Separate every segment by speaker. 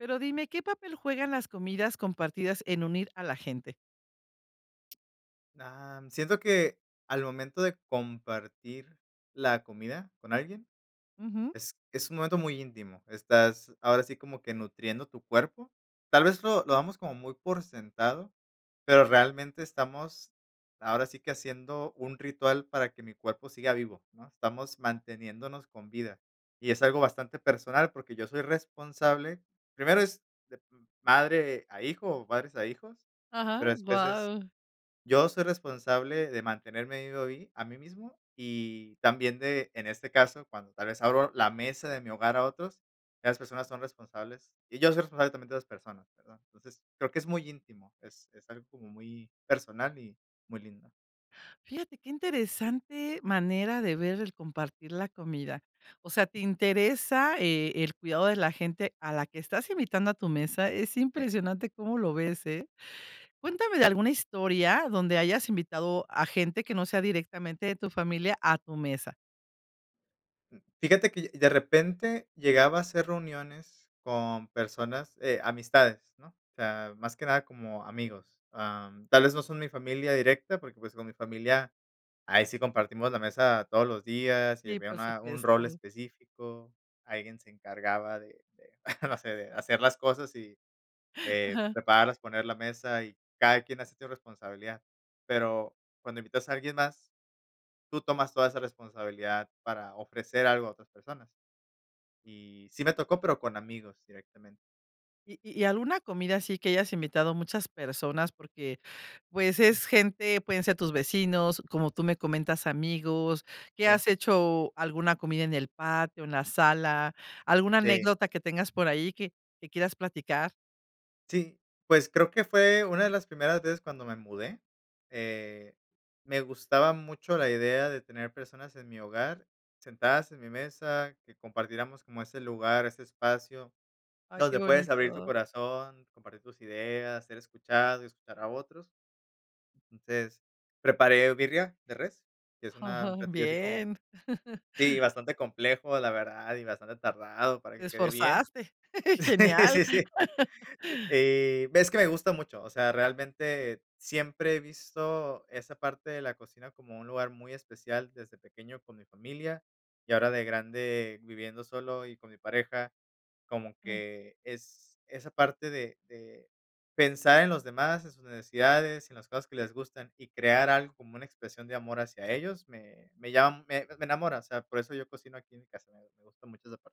Speaker 1: Pero dime, ¿qué papel juegan las comidas compartidas en unir a la gente?
Speaker 2: Am, siento que al momento de compartir la comida con alguien,
Speaker 1: Ujú.
Speaker 2: es es un momento muy íntimo. Estás, ahora sí, como que nutriendo tu cuerpo, tal vez, lo lo damos como muy por sentado, pero realmente, estamos ahora sí que haciendo un ritual para que mi cuerpo siga vivo, ¿no?, estamos manteniéndonos con vida. Y es algo bastante personal, porque yo soy responsable, primero es de uh, madre a hijo o padres a hijos, pero
Speaker 1: Ajá,
Speaker 2: después es
Speaker 1: guau.
Speaker 2: yo soy responsable de mantenerme vivo a mí a mí mismo y también de, en este caso, cuando tal vez abro la mesa de mi hogar a otros, ya las personas son responsables, y yo soy responsable también de las personas, perdón, entonces, creo que es muy íntimo, es es algo como muy personal y muy lindo.
Speaker 1: Fíjate qué interesante manera de ver el compartir la comida. O sea, te interesa, eh, el cuidado de la gente a la que estás invitando a tu mesa. Es
Speaker 2: Sí.
Speaker 1: impresionante, cómo lo ves, ¿eh? Cuéntame de
Speaker 2: Sí, sí,
Speaker 1: alguna
Speaker 2: sí.
Speaker 1: historia donde hayas invitado a gente que no sea directamente de tu familia a tu mesa.
Speaker 2: Fíjate que y de repente, llegaba a hacer reuniones, con personas, eh, amistades, ¿no? O sea, más que nada como amigos. Am, tal vez no son mi familia directa, porque pues, con mi familia, ahí sí compartimos la mesa todos los días. Y
Speaker 1: Sí,
Speaker 2: había
Speaker 1: por
Speaker 2: una un rol
Speaker 1: supuesto.
Speaker 2: específico. Alguien se encargaba de de no sé, de hacer las cosas, y, eh,
Speaker 1: Ajá.
Speaker 2: prepararlas. Poner la mesa, y cada quien hacía su responsabilidad. Pero, cuando invitas a alguien más, tú tomas toda esa responsabilidad, para ofrecer algo a otras personas. Y, sí me tocó, pero con amigos directamente.
Speaker 1: Y y alguna comida, así que hayas invitado muchas personas. Porque, pues, es
Speaker 2: Ujú.
Speaker 1: gente pueden ser tus vecinos, como tú me comentas, amigos. Que
Speaker 2: Sí.
Speaker 1: has hecho alguna comida en el patio, en la sala. Alguna
Speaker 2: Sí.
Speaker 1: anécdota que tengas por ahí, que que quieras platicar.
Speaker 2: Sí. Pues, creo que fue una de las primeras veces, cuando me mudé. Eh, me gustaba mucho, la idea de tener personas en mi hogar, sentadas en mi mesa, que compartiéramos, como ese lugar, ese espacio,
Speaker 1: Ay, qué
Speaker 2: donde puedes abrir tu
Speaker 1: bonito.
Speaker 2: corazón, compartir tus ideas, ser escuchado y escuchar a otros. Entonces, preparé birria de res, que es una
Speaker 1: Ajá,
Speaker 2: un platillo así como
Speaker 1: bien.
Speaker 2: Sí, bastante complejo, la verdad, y bastante tardado, para
Speaker 1: Te
Speaker 2: que quede bien.
Speaker 1: esforzaste. Genial.
Speaker 2: Sí, sí. Eh, ves que me gusta mucho. O sea, realmente, siempre he visto, esa parte de la cocina, como un lugar muy especial, desde pequeño con mi familia. Y ahora de grande, viviendo solo y con mi pareja, como
Speaker 1: Ah.
Speaker 2: que es, esa parte de de pensar en los demás, en sus necesidades, en las cosas que les gustan. Y, crear algo, como una expresión de amor hacia ellos, me me llama me me enamora. O sea, por eso yo cocino aquí en mi casa, me me gusta mucho esa parte.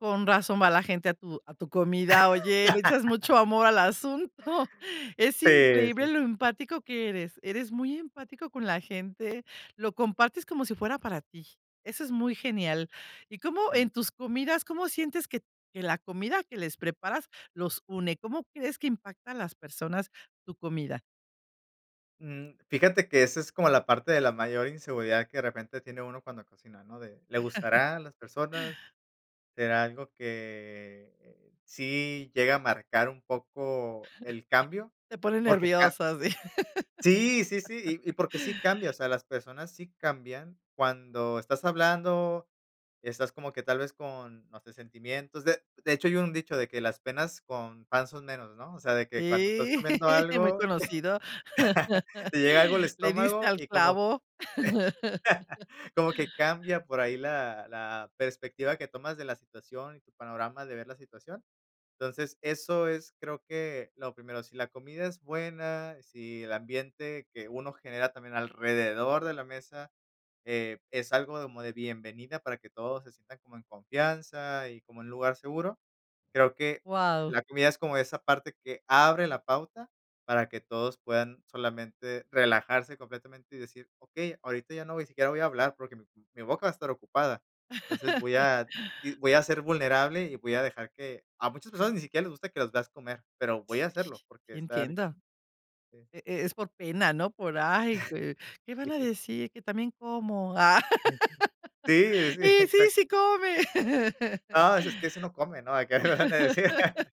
Speaker 1: Con razón va la gente a tu a tu comida. Oye, le echas mucho amor al asunto Es
Speaker 2: Sí, sí.
Speaker 1: increíble lo empático que eres. Eres muy empático con la gente, lo compartes como si fuera para ti. Eso es muy genial. ¿Y cómo
Speaker 2: Sí.
Speaker 1: en tus comidas, cómo sientes que que la comida que les preparas, los une? ¿Cómo crees que impacta a las personas, tu comida?
Speaker 2: Mm, fíjate que esa es como la parte de la mayor inseguridad que de repente tiene uno cuando cocina, ¿no?, de ¿le gustará a las personas? ¿Será algo que sí llega a marcar un poco el cambio?,
Speaker 1: Te pone
Speaker 2: porque claro
Speaker 1: nervioso, así.
Speaker 2: Sí, sí, sí, y y porque sí cambia, o sea, las personas sí cambian cuando estás hablando, estás como que tal vez con, no sé, sentimientos, de de hecho hay un dicho de que: "Las penas con pan son menos", ¿no?, o sea, de que cuando estás
Speaker 1: Sí,
Speaker 2: comiendo
Speaker 1: muy
Speaker 2: algo,
Speaker 1: conocido.
Speaker 2: te llega algo al
Speaker 1: Le diste
Speaker 2: estómago
Speaker 1: al
Speaker 2: y como
Speaker 1: clavo.
Speaker 2: como que cambia por ahí la la perspectiva que tomas de la situación, y tu panorama de ver la situación, entonces, eso es creo que lo primero, si la comida es buena, si el ambiente que uno genera también alrededor de la mesa, eh, es algo como de bienvenida para que todos se sientan como en confianza y como en un lugar seguro, creo que
Speaker 1: Wao.
Speaker 2: la comida es como esa parte que abre la pauta para que todos puedan solamente relajarse completamente y decir: "Okey ahorita ya no voy siquiera voy a hablar porque mi mi boca va a estar ocupada", entonces, voy a voy a ser vulnerable y voy a dejar que a muchas personas ni siquiera les gusta que los veas comer pero
Speaker 1: Sí
Speaker 2: voy a hacerlo porque estar
Speaker 1: entiendo.
Speaker 2: con este
Speaker 1: E es por pena, ¿no?, por ay, ¿qué qué van a decir?, que también como, ah,
Speaker 2: [unintelligible] Sí, sí,
Speaker 1: y sí,
Speaker 2: exacto.
Speaker 1: sí, come.
Speaker 2: No, ese es que ese no come, ¿no?, hay que ver dónde decir.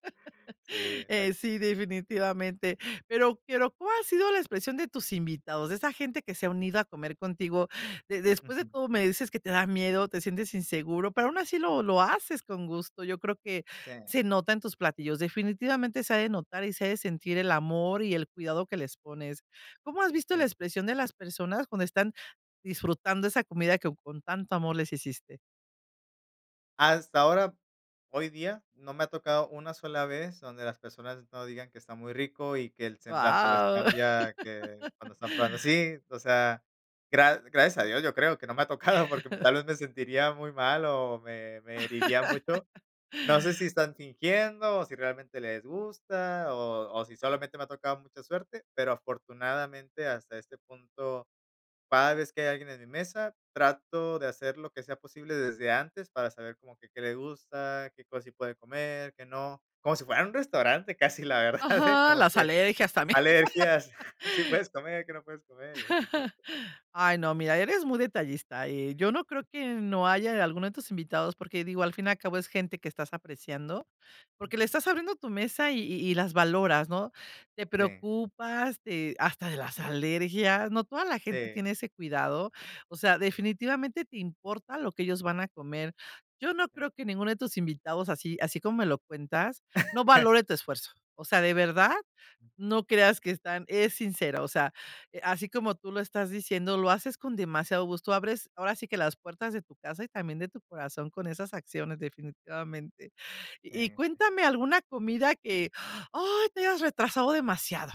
Speaker 2: Sí, exacto.
Speaker 1: Eh, sí, definitivamente, pero quiero ¿cual ha sido la expresión de tus invitados, de esa gente que se ha unido a comer contigo? De después de
Speaker 2: Ujú.
Speaker 1: todo, me dices que te da miedo, te sientes inseguro, pero aún así lo lo haces con gusto, yo creo que
Speaker 2: Sí.
Speaker 1: se nota en tus platillos, definitivamente se ha de notar y se ha de sentir el amor y el cuidado que les pones. ¿Cómo has visto la
Speaker 2: Sí.
Speaker 1: expresión de las personas cuando están disfrutando esa comida que con tanto amor les hiciste?
Speaker 2: Hasta ahora, hoy día, no me ha tocado una sola vez donde las personas no digan que está muy rico, y que el semblante les
Speaker 1: ¡Guau!
Speaker 2: cambia que cuando están probando ¡sí!, o sea, gra gracias a Dios, yo creo que no me ha tocado, porque tal vez me sentiría muy mal o me me heriría mucho. No sé si, están fingiendo, o si realmente les gusta, o o si solamente me ha tocado mucha suerte, pero, afortunadamente, hasta este punto, cada vez que hay alguien en mi mesa, trato de hacer lo que sea posible desde antes para saber como que qué le gusta, qué cosas sí puede comer, qué no, como si fuera un restaurante casi, la verdad, ¿eh?,
Speaker 1: ¡Ajá!,
Speaker 2: como
Speaker 1: las
Speaker 2: que
Speaker 1: alergias también.
Speaker 2: alergias: "Sí puedes comer, qué no puedes comer", y ese tipo de cosas.
Speaker 1: Ay, no,
Speaker 2: Okey.
Speaker 1: mira, eres muy detallista. Eh, yo no creo que no haya alguno de tus invitados, porque digo, al fin y al cabo es gente que estás apreciando, porque le
Speaker 2: Ujú.
Speaker 1: estás abriendo tu mesa, y y las valoras, ¿no?, te
Speaker 2: Sí.
Speaker 1: preocupas de hasta de las
Speaker 2: Mm.
Speaker 1: alergias, no toda la gente
Speaker 2: Sí.
Speaker 1: tiene ese cuidado. O sea, definitivamente te importa lo que ellos van a comer. Yo no
Speaker 2: Sí.
Speaker 1: creo que ninguno de tus invitados, así así como me lo cuentas, no valore tu esfuerzo. O sea, de verdad no creas que están es sincero. O sea, eh, así como tú lo estás diciendo, lo haces con demasiado gusto. Abres ahora sí, que las puertas de tu casa y también de tu corazón con esas acciones, definitivamente.
Speaker 2: Sí,
Speaker 1: Y
Speaker 2: sí.
Speaker 1: cuéntame alguna comida que, ay, te hayas retrasado demasiado,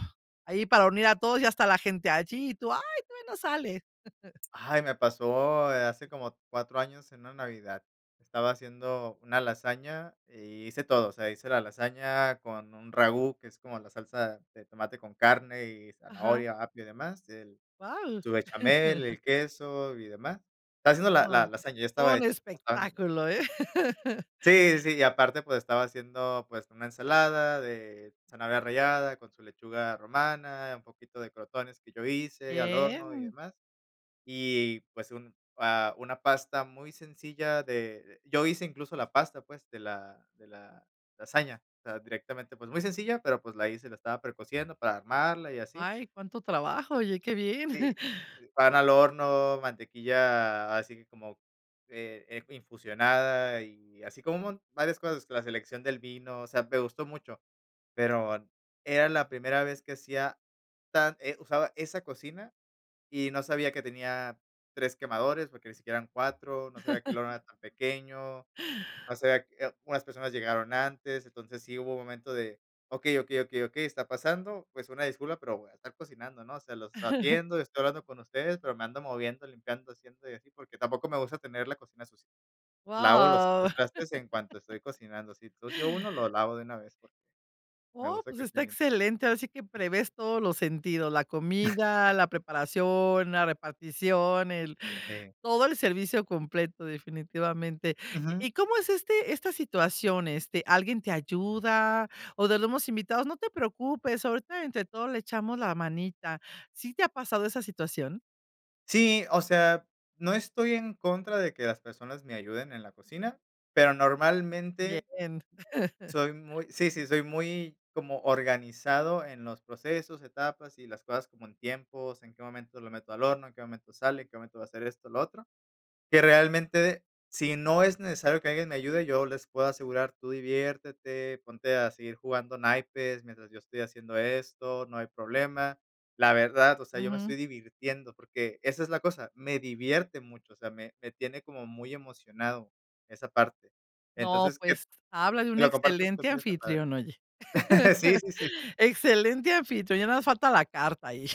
Speaker 1: ahí para unir a todos y hasta la gente allí, y tú: "¡Ay, todavía no sale!"
Speaker 2: ¡Ay!, me pasó, eh, hace como 4 años en una Navidad. Estaba haciendo una lasaña, y hice todo, o sea, hice la lasaña con un ragú, que es como la salsa de tomate con carne y
Speaker 1: Ajá.
Speaker 2: zanahoria, apio y demás, el
Speaker 1: Guau.
Speaker 2: su bechamel, el queso y demás. Estaba haciendo la la
Speaker 1: Oh,
Speaker 2: lasaña, ya
Speaker 1: todo
Speaker 2: estaba
Speaker 1: un
Speaker 2: hecha, estaba en el horno.
Speaker 1: espectáculo, ¿eh?
Speaker 2: Sí, sí, y aparte, pues, estaba haciendo, pues, una ensalada de zanahoria rallada con su lechuga romana, un poquito de crotones que yo hice al horno, y
Speaker 1: Bien.
Speaker 2: demás. Y, pues, un ah, una pasta muy sencilla de yo hice incluso la pasta, pues, de la de la lasaña, o sea, directamente, pues, muy sencilla, pero, pues, la hice. La estaba precociendo para armarla y así.
Speaker 1: Ay, cuánto trabajo, oye, qué bien.
Speaker 2: Sí, sí, pan al horno, mantequilla así, que como, eh, es infusionada y así, como un mon varias cosas, la selección del vino, o sea, me gustó mucho. Pero, era la primera vez que hacía tan eh, usaba esa cocina y no sabía que tenía 3 quemadores porque ni siquiera eran 4, no sabía que el horno era tan pequeño, o sea, eh, oh, unas personas llegaron antes, entonces sí hubo un momento de: "Okey, okey, okey, okey, está pasando". Pues, una disculpa, pero voy a estar cocinando, ¿no?, o sea, los atiendo, estoy hablando con ustedes, pero me ando moviendo, limpiando, haciendo y así, porque tampoco me gusta tener la cocina sucia. Lavo los
Speaker 1: ¡Wao!
Speaker 2: trastes en cuanto estoy cocinando. Si ensucio 1, lo lavo de una vez, porque, me
Speaker 1: Oh,
Speaker 2: gusta
Speaker 1: pues
Speaker 2: que esté
Speaker 1: está
Speaker 2: limpio.
Speaker 1: excelente. Ahora sí que prevés todos los sentidos, la comida, la preparación, la repartición, el
Speaker 2: Sí.
Speaker 1: todo el servicio completo, definitivamente,
Speaker 2: Ujú.
Speaker 1: ¿y cómo es este esta situación? ¿Este, alguien te ayuda, o de los mismos invitados: "No te preocupes, ahorita entre todos le echamos la manita". ¿Sí te ha pasado esa situación?
Speaker 2: Sí, o sea, no estoy en contra de que las personas me ayuden en la cocina, pero normalmente
Speaker 1: Bien.
Speaker 2: soy muy Sí, sí, soy muy como organizado en los procesos, etapas y las cosas como en tiempos, en qué momento lo meto al horno, en qué momento sale, en qué momento va a ser esto, lo otro, que realmente, si no es necesario que alguien me ayude, yo les puedo asegurar, tú diviértete, ponte a seguir jugando naipes mientras yo estoy haciendo esto, no hay problema. La verdad, o sea, yo me
Speaker 1: Ujú.
Speaker 2: estoy divirtiendo, porque esa es la cosa, me divierte mucho, o sea, me me tiene como muy emocionado esa parte.
Speaker 1: No,
Speaker 2: Entonces, que
Speaker 1: pues, habla de un
Speaker 2: que lo compartas
Speaker 1: excelente
Speaker 2: contigo esta padre.
Speaker 1: anfitrión, oye.
Speaker 2: Sí, sí, sí.
Speaker 1: Excelente anfitrión, ya nada más falta la carta ahí.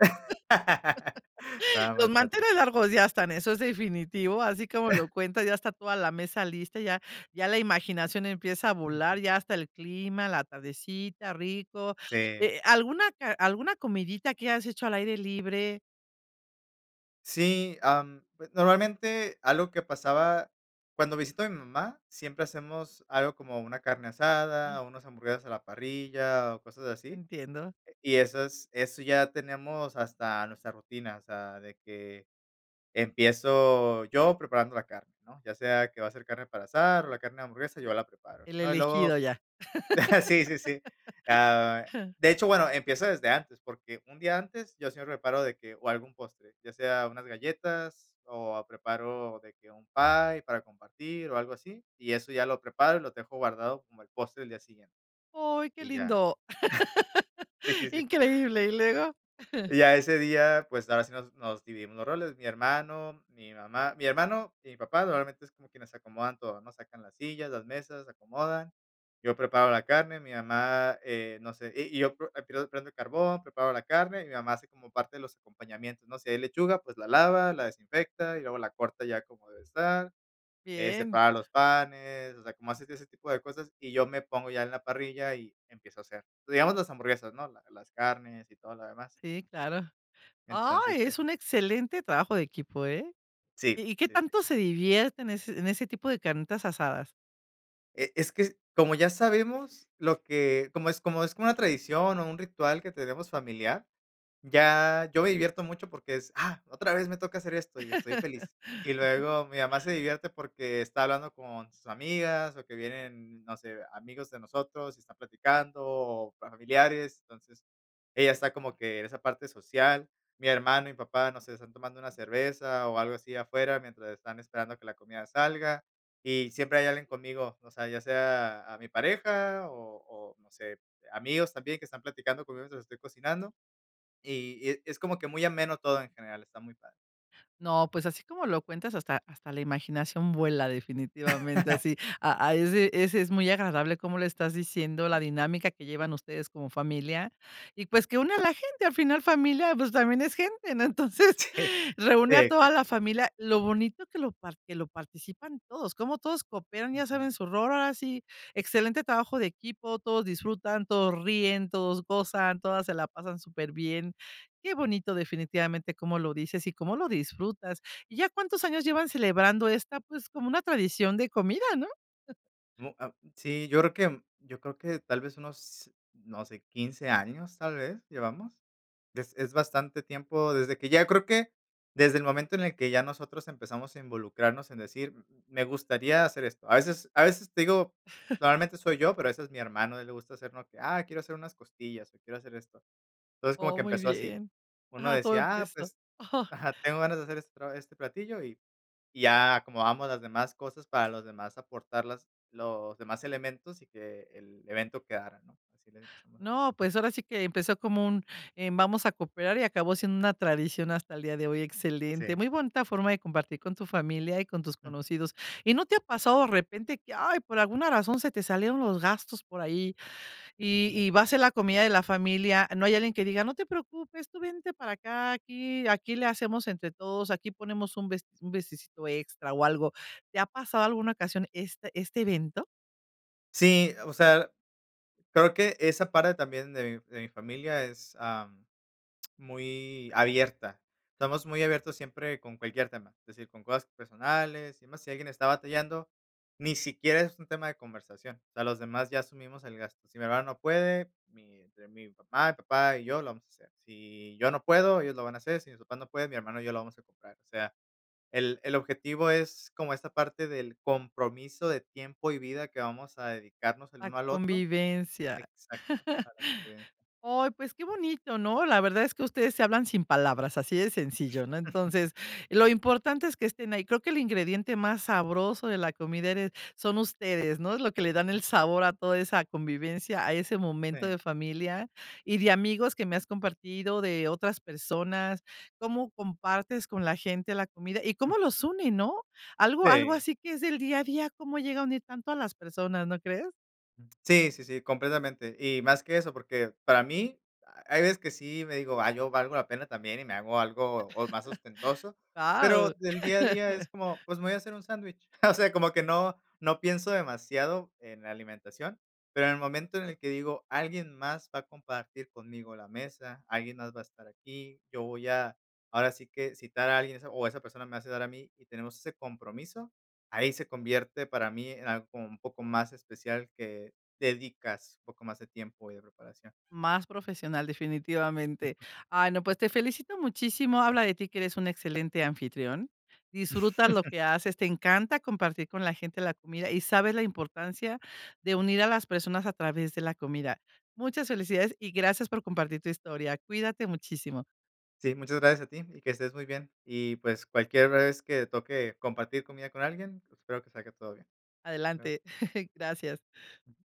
Speaker 2: No, no
Speaker 1: Los
Speaker 2: es tanto
Speaker 1: manteles
Speaker 2: así.
Speaker 1: largos ya están, eso es definitivo, así como lo cuenta, ya está toda la mesa lista. Ya ya la imaginación empieza a volar
Speaker 2: Ujú.
Speaker 1: ya hasta el clima, la tardecita, rico,
Speaker 2: Sí.
Speaker 1: eh, alguna ca alguna comidita que has hecho al aire libre
Speaker 2: Sí, am, normalmente, algo que pasaba cuando visito a mi mamá, siempre hacemos algo como una carne asada,
Speaker 1: Mm.
Speaker 2: o unas hamburguesas a la parrilla o cosas así,
Speaker 1: Entiendo.
Speaker 2: eh, y esas eso ya tenemos hasta nuestra rutina, o sea, de que empiezo yo preparando la carne, ¿no?, ya sea que va a ser carne para asar o la carne de hamburguesa, yo la preparo,
Speaker 1: El
Speaker 2: ¿no?, y
Speaker 1: elegido
Speaker 2: luego,
Speaker 1: ya.
Speaker 2: sí, sí, sí. Ah, de hecho, bueno, empiezo desde antes, porque un día antes, yo siempre preparo de que o algún postre, ya sea unas galletas, o preparo de que un pie para compartir, o algo así, y eso ya lo preparo y lo dejo guardado como el postre del día siguiente.
Speaker 1: ¡Oy, qué
Speaker 2: Y ya,
Speaker 1: lindo!
Speaker 2: sí, sí, sí.
Speaker 1: Increíble, ¿y luego?
Speaker 2: Y ya ese día, pues, ahora sí nos nos dividimos los roles. Mi hermano, mi mamá, mi hermano y mi papá normalmente es como quienes se acomodan todo, ¿no?, sacan las sillas, las mesas, se acomodan. Yo preparo la carne, mi mamá, eh, no sé, y y yo por [unintelligible] prendo el carbón, preparo la carne, y mi mamá hace como parte de los acompañamientos, ¿no?, si hay lechuga, pues, la lava, la desinfecta y luego la corta ya como debe estar, eh,
Speaker 1: Bien.
Speaker 2: separa los panes, o sea, como hace [unintelligible] ese tipo de cosas, y yo me pongo ya en la parrilla y empiezo a hacer. Digamos las hamburguesas, ¿no?, la las carnes y todo lo demás.
Speaker 1: Sí, claro.
Speaker 2: Entonces,
Speaker 1: Ay,
Speaker 2: eh
Speaker 1: es un excelente trabajo de equipo, ¿eh?,
Speaker 2: Sí,
Speaker 1: ¿y y qué
Speaker 2: sí, sí.
Speaker 1: tanto se divierte en ese en ese tipo de carnitas asadas?
Speaker 2: Eh, es que, como ya sabemos, lo que como es como es como una tradición, o un ritual que tenemos familiar, ya, yo me divierto mucho porque es: "Ah, otra vez me toca hacer esto, y estoy feliz". Y luego mi mamá se divierte, porque está hablando con sus amigas, o que vienen, no sé, amigos de nosotros y están platicando, o familiares. Entonces, ella está como que en esa parte social, mi hermano y mi papá, no sé, están tomando una cerveza o algo así afuera mientras están esperando que la comida salga, y siempre hay alguien conmigo, o sea, ya sea a mi pareja, o o no sé, amigos también que están platicando conmigo, mientras estoy cocinando. Y y es es como que muy ameno todo en general, está muy padre.
Speaker 1: No, pues, así como lo cuentas, hasta hasta la imaginación vuela, definitivamente, así. A ahí sí, ese es muy agradable como lo estás diciendo,
Speaker 2: Sí.
Speaker 1: la dinámica que llevan ustedes como familia y, pues, que une a la gente, al final familia, pues, también es gente, ¿no? Entonces,
Speaker 2: Sí,
Speaker 1: reúne a
Speaker 2: exac
Speaker 1: toda la familia. Lo bonito que lo par que lo participan todos, como todos cooperan, ya
Speaker 2: Ujú.
Speaker 1: saben su rol. Ahora sí, excelente trabajo de equipo, todos disfrutan, todos ríen, todos gozan, todas se la pasan súper bien. Qué
Speaker 2: Sí.
Speaker 1: bonito, definitivamente, cómo lo dices y cómo lo disfrutas. ¿Y ya cuántos años llevan celebrando esta, pues, como una tradición de comida, no?
Speaker 2: Mu ah, sí, yo creo que yo creo que tal vez unos, no sé, 15 años, tal vez, llevamos. Es es bastante tiempo desde que ya creo que desde el momento en el que ya nosotros empezamos a involucrarnos en decir: "M m me gustaría hacer esto". A veces a veces te digo, normalmente soy yo, pero, a veces, mi hermano, a él le gusta hacernos que: "Ah, quiero hacer unas costillas, o quiero hacer esto". Entonces, como que
Speaker 1: Oh, muy
Speaker 2: empezó así.
Speaker 1: bien.
Speaker 2: Uno
Speaker 1: Ajá, todo
Speaker 2: decía: "Ah,
Speaker 1: empezó,
Speaker 2: pues,
Speaker 1: ajá.
Speaker 2: ajá, tengo ganas de hacer este pra este platillo y y ya acomodamos los demás cosas para, los demás, aportar las los demás elementos, y que el evento quedara, ¿no? Así le empezamos a hacer.
Speaker 1: No, pues, ahora sí que empezó como un: "Em, vamos a cooperar". Y acabó siendo una tradición hasta el día de hoy, excelente,
Speaker 2: Sí.
Speaker 1: muy bonita forma de compartir con tu familia y con tus
Speaker 2: Jum.
Speaker 1: conocidos. ¿Y no te ha pasado, de repente, que, ay, por alguna razón se te salieron los gastos por ahí, y
Speaker 2: Ujú.
Speaker 1: y va a ser la comida de la familia? No hay alguien que diga: "No te preocupes, tú vente para acá, aquí aquí le hacemos entre todos, aquí ponemos un best un bistecito extra o algo". ¿Te ha pasado alguna ocasión este este evento?
Speaker 2: Sí, o sea, creo que esa parte también de mi de mi familia es, am, muy abierta. Estamos muy abiertos siempre con cualquier tema, es decir, con cosas personales y demás, si alguien está batallando, ni siquiera es un tema de conversación. O sea, los demás ya asumimos el gasto. Si mi hermano no puede, mi entre mi papá papá y yo lo vamos a hacer. Si yo no puedo, ellos lo van a hacer. Si mis papás no puede, mi hermano, y yo lo vamos a comprar. O sea, el el objetivo es como esta parte del compromiso de tiempo, y vida que vamos a dedicarnos el
Speaker 1: Ah,
Speaker 2: uno al otro.
Speaker 1: convivencia.
Speaker 2: Exacto. Para qué
Speaker 1: Ay, pues, qué bonito, ¿no? La verdad es que ustedes se hablan sin palabras, así de sencillo, ¿no? Entonces, lo importante es que estén ahí. Creo que el ingrediente más sabroso de la comida, eres son ustedes, ¿no?, es lo que le dan el
Speaker 2: Ujú.
Speaker 1: sabor a toda esa convivencia, a ese momento
Speaker 2: Sí.
Speaker 1: de familia, y de amigos que me has compartido, de otras personas, cómo compartes con la gente la comida, y
Speaker 2: Jum.
Speaker 1: cómo los une, ¿no? Algo algo
Speaker 2: Sí.
Speaker 1: así que es del día a día, cómo llega a unir tanto a las personas, ¿no crees?
Speaker 2: Sí, sí, sí, completamente. Y más que eso, porque para mí, hay veces que sí, me digo: "Ah, yo valgo la pena también", y me hago algo, o más ostentoso, pero
Speaker 1: Guau.
Speaker 2: del día a día es como, pues, voy a hacer un sándwich. O sea, como que no, no pienso demasiado en la alimentación, pero en el momento en el que digo alguien más va a compartir conmigo la mesa, alguien más va a estar aquí, yo voy a ahora sí que citar a alguien esa o esa persona me va a citar a mí, y tenemos ese compromiso. Ahí se convierte para mí en algo como un poco más especial que dedicas, poco más de tiempo y de preparación.
Speaker 1: Más profesional definitivamente. Ah, no,
Speaker 2: Eh.
Speaker 1: pues te felicito muchísimo, habla de ti que eres un excelente anfitrión, disfrutas lo que haces, te encanta compartir con la gente la comida, y sabes la importancia de unir a las personas a través de la comida. Muchas felicidades, y gracias por compartir tu historia. Cuídate muchísimo.
Speaker 2: Sí, muchas gracias a ti y que estés muy bien. Y, pues, cualquier vez que toque compartir comida con alguien, espero que salga todo bien. Hasta luego.
Speaker 1: Adelante. Gracias.
Speaker 2: Ujú.